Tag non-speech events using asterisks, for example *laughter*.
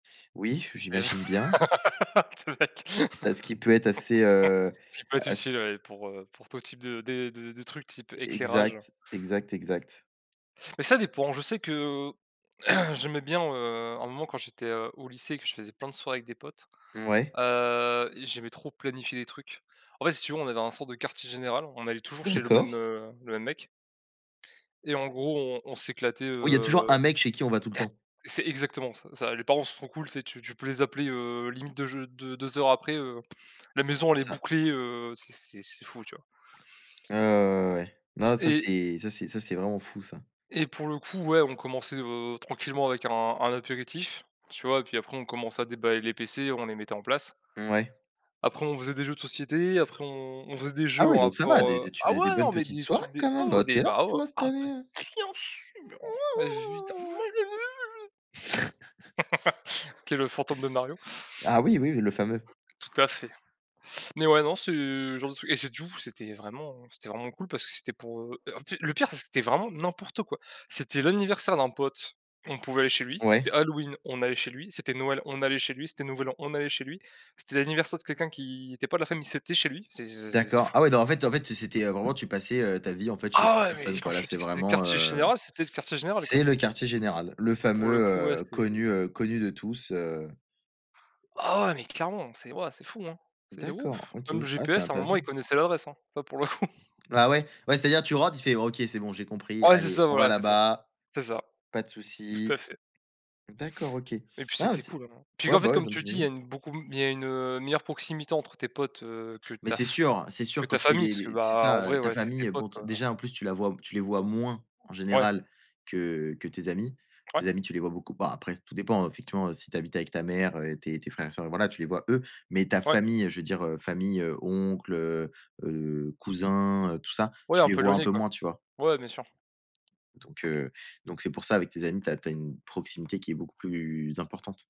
Oui, Mais j j'imagine bien. *laughs* te mec Parce qu'il peut être assez, heu, *laughs* ce qui peut être ass utile, ouais, pour, heu, pour tout type de des de de trucs type éclairage. Exact. Exact, exact. Mais ça dépend. Je sais que *clears throat* j'aimais bien, heu, à un moment quand j'étais, heu, au lycée et que je faisais plein de soirées avec des potes, Mouais. heu, et j'aimais trop planifier des trucs. En fait, si tu veux, on avait un sorte de quartier général, on allait toujours chez le même, D'accord. heu, le même mec et en gros on on s'éclatait, Oui, il y a toujours heu. un mec chez qui on va tout le temps. C'est exactement ça ça, les parents sont cools, tu sais? Tu tu peux les appeler, heu, limite deux j deux deux heures après, heu, la maison C'est elle est ça. bouclée, heu, c'est c'est c'est fou, tu vois? Ouais, ouais, ouais, ouais. Non ça Et c'est ça c'est ça c'est vraiment fou, ça. et pour le coup ouais, on commençait, heu, tranquillement avec un un apéritif, tu vois? Et puis après on commençait à déballer les PC, on les mettait en place. Mouais. Après on faisait des jeux de société, après on on faisait des Ah jeux en ouais, donc ça va! rapport, Des heu des tu ah faisais des ouais, bonnes non, mais petites des soirées trucs, des quand ah même, ouais heu, des tu es là, bah, oh, tout ah installé, beh, heu bien sûr! Ouais, ouais, ouais, ouais, ouais, ouais ouais. Évidemment! *snorts* *laughs* OK, le fantôme de Mario. Ah oui, oui, oui, le fameux. Tout à fait, mais ouais, non, c'est le genre de truc et c'est du ou c'était vraiment c'était vraiment cool, parce que c'était pour, heu, en p le pire, c'est que c'était vraiment n'importe quoi! C'était l'anniversaire d'un pote, on pouvait aller chez lui. C'était Ouais. Halloween, on allait chez lui. C'était Noël, on allait chez lui. C'était nouvel an, on allait chez lui. C'était l'anniversaire de quelqu'un qui était pas de la famille, c'était chez lui. C'est c'est c'est c'est D'accord, ah fou! ouais, donc en fait en fait, c'était, heu, vraiment tu passais, heu, ta vie en fait, chez Ah cette ouais! Mais personne, quand quoi, je là, te dis c'est que c'était le vraiment, quartier heu, général, c'était le quartier général, quoi! c'est le quartier général, le Pour le coup, ouais, fameux, heu, c'est connu, heu, connu de tous, heu Ah ouais! Mais clairement c'est waouh, c'est fou, hein! C'est D'accord, ouf, OK, même le ah, c'est GPS à un moment il intéressant. connaissait l'adresse, hein. Ça, pour le coup! Ah ouais? Ouais, c'est-à-dire, tu rentres, il fait: «OK c'est bon j'ai compris, Ah ouais c'est allez ça, on va voilà, c'est ça. là-bas, C'est ça, pas de tout à souci». fait. D'accord, OK. Ouais, Et puis, bah, c'était c'est cool, hein. Puis, ouais qu'en fait, bah, ouais, comme non mais tu dis, il y a j'imagine. une beaucoup il y a une, heu, meilleure proximité entre tes potes, heu, que Mais ta c'est f sûr, c'est que sûr ta quand tu fais famille des parce que, des c'est bah, en ça, vrai, heu, ta ouais, c'est tes famille, bon, potes, d quoi, heu déjà, en plus, tu la vois tu les vois moins en Ouais. général que que tes amis. Ouais. Tes amis tu les vois beaucoup bah, après tout dépend effectivement si tu habites avec ta mère, heu, et tes tes frères et sœurs, et voilà, tu les vois eux, mais ta Ouais. famille, je veux dire, heu, famille, heu, oncles, heu heu, cousins, heu, tout ça, Ouais, tu un les peu vois un éloigné peu quoi. moins, tu vois? Ouais, bien sûr. Donc, heu, donc c'est pour ça avec tes amis, tu as tu as une proximité qui est beaucoup plus importante.